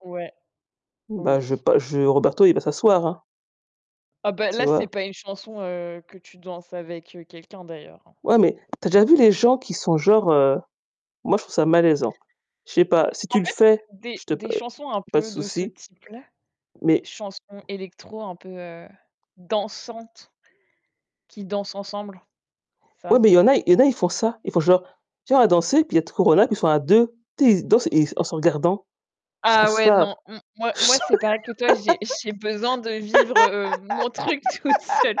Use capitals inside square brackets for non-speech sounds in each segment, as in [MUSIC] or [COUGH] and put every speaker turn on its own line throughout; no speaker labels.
Ouais, oui.
Bas je bah je Roberto, il va s'asseoir, hein.
Oh ben
Tu
là, c'est
vois?
pas une chanson, heu, que tu danses avec quelqu'un d'ailleurs, hein.
Ouais, mais tu as déjà vu les gens qui sont genre, heu moi je trouve ça malaisant. Je sais pas. Si tu
En
le
fait,
fais,
des
je te
des
p
chansons un
pas de
peu de ce
souci.
type-là,
Mais
chansons électro un peu, heu, dansantes qui dansent ensemble. C'est
Ouais,
ça.
mais il y en a il y en a ils font ça. Ils font genre: «Tu viens, on va danser». Puis il y a de Corona qui sont à 2. Tu sais, ils se dansent et ils en se regardant. Je trouve
Ah ouais
ça
non. M moi moi c'est pareil que toi, j'ai j'ai besoin de vivre, heu, mon truc toute seule.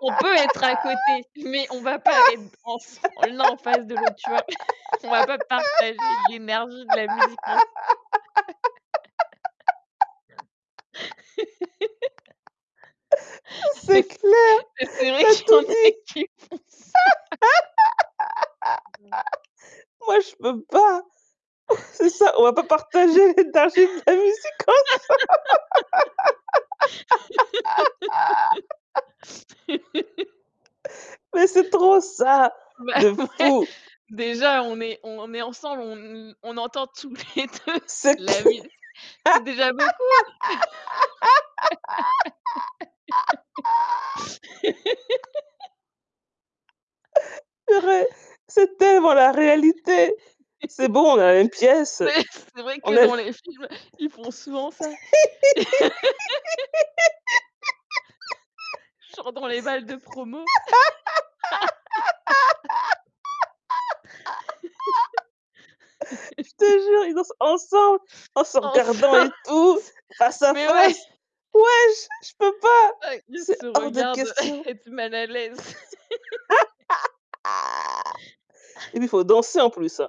On peut être à côté, mais on va pas être en f l'un en face de l'autre, tu vois? [CHUCKLES] On va pas partager l'énergie de la musique, non. [LAUGHS]
C'est
[LAUGHS] C oui
clair!
c'est vrai
Tu as
qu'il y en
tout
a
dit!
qui font ça.
[GIGGLES] Moi je peux pas, hein! On c'est ça, on va pas partager partager de la musique comme ça. [LAUGHS]
[LAUGHS]
Mais c'est trop ça!
Bah
De
ouais!
fou!
Déjà on est on est ensemble, on n on entend tous les 2
C'est
la
clair
musique. C'est déjà beaucoup!
[LAUGHS]
[LAUGHS]
Purée! C'est tellement la réalité! C'est bon, on est dans la même
[CHUCKLES]
pièce.
Mais c'est vrai
On
que
est
dans les films, ils font souvent ça. [LAUGHS] Genre dans les balles de promo. [LAUGHS]
[GIGGLES] Je te
[LAUGHS]
jure, ils dansent ensemble! En se
En se
regardant et tout! Face à
mais ouais!
face! Ouais, je je peux pas!
[UNINTELLIGIBLE] ils
C'est
se
hors de
regardent
question.
[CHUCKLES] être mal à l'aise. [GIGGLES]
[LAUGHS] Et
[CHUCKLES]
puis faut danser en plus.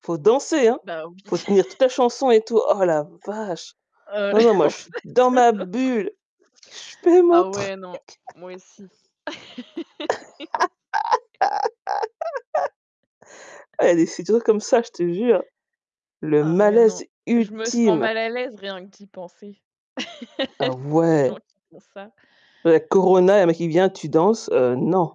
Faut danser, hein.
Bah oui.
Faut tenir
[CHUCKLES]
toute la chanson et tout. Oh la vache.
Heu, en fait,
Non
heu,
non moi je
l'autre
suis dans ma bulle. Je fais mon
Ah
truc.
ouais, non. Moi aussi.
[LAUGHS]
[LAUGHS]
Oh il y a des c'est toujours comme ça, je te jure! Le
Ah ouais, non.
malaise
Je me sens
ultime!
mal à l'aise rien que d'y penser. [LAUGHS] Il y a
Ah
des gens
ouais!
qui font ça.
La corona, il y a un mec qui vient: «Tu danses?». Heu, non.